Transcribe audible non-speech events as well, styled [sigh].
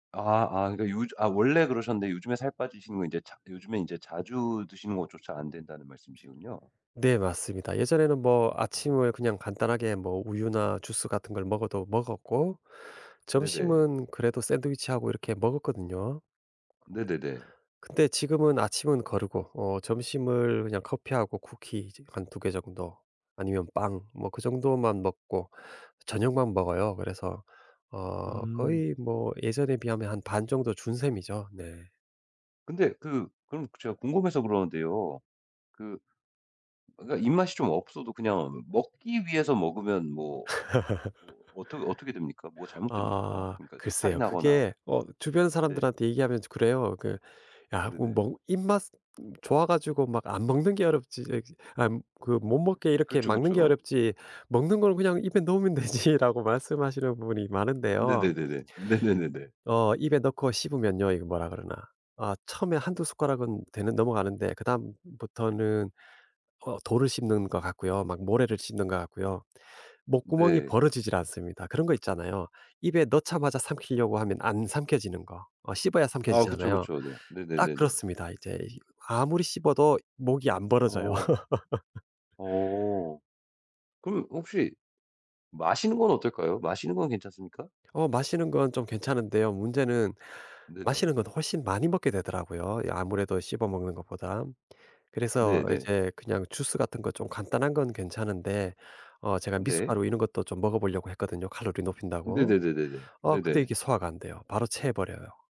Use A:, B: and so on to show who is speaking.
A: 아 아 그니까 요즈 아 원래 그러셨는데 요즘에 살 빠지시는 건 인제 차 요즘에 인제 자주 드시는 것조차 안 된다는 말씀이시군요.
B: 네 맞습니다. 예전에는 뭐
A: 아.
B: 아침을 그냥 간단하게 뭐 우유나 주스 같은 걸 먹어도 먹었고,
A: 네네.
B: 점심은 그래도 샌드위치하고 이렇게 먹었거든요.
A: 네네네.
B: 근데 지금은 아침은 거르고 어 점심을 그냥 커피하고 쿠키 이제 한 2 개 정도 아니면 빵 뭐 그 정도만 먹고 저녁만 먹어요. 그래서 어
A: 음.
B: 거의 뭐 예전에 비하면 한 반 정도 준 셈이죠. 네.
A: 근데 그 그럼 제가 궁금해서 그러는데요. 그 그니까 입맛이 좀 없어도 그냥 먹기 위해서 먹으면 뭐 뭐
B: [laughs]
A: 어떻 어떻게 됩니까? 뭐가 잘못됩니까?
B: 아
A: 그러니까 탈이
B: 글쎄요.
A: 나거나.
B: 그게 어 주변
A: 네.
B: 사람들한테 얘기하면 저 그래요. 그 "야 꼭
A: 네네.
B: 뭐 입맛 좋아 가지고 막 안 먹는 게 어렵지. 이 안 그 못 먹게 이렇게
A: 그쵸,
B: 막는 게
A: 그쵸.
B: 어렵지, 먹는 걸 그냥 입에 넣으면 되지."라고 말씀하시는 분이
A: 음
B: 많은데요.
A: 네네네네. 네네네네.
B: 어 입에 넣고 씹으면요 이거 뭐라 그러나. 아 처음에 1-2 숟가락은 되는 넘어가는데 그다음부터는 어 돌을 씹는 것 같고요. 막 모래를 씹는 것 같고요. 목구멍이
A: 네.
B: 벌어지질 않습니다. 그런 거 있잖아요. 입에 넣자마자 삼키려고 하면 안 삼켜지는 거. 어 씹어야
A: 아 그쵸,
B: 삼켜지잖아요.
A: 그쵸. 네.
B: 딱
A: 네네네네.
B: 그렇습니다. 이제 이 아무리 씹어도 목이 안 벌어져요.
A: 어.
B: [laughs]
A: 어. 그럼 혹시 마시는 건 어떨까요? 마시는 건 괜찮습니까?
B: 어 마시는 건 좀 괜찮은데요. 문제는
A: 네네.
B: 마시는 건 훨씬 많이 먹게 되더라고요, 이 아무래도 씹어 먹는 것보단. 그래서
A: 네네.
B: 이제 그냥 주스 같은 거 좀 간단한 건 괜찮은데 어 제가
A: 네.
B: 미숫가루 이런 것도 좀 먹어보려고 했거든요, 칼로리 높인다고.
A: 네네네네네.
B: 어 근데
A: 네네.
B: 이게 소화가 안 돼요. 바로 체해버려요.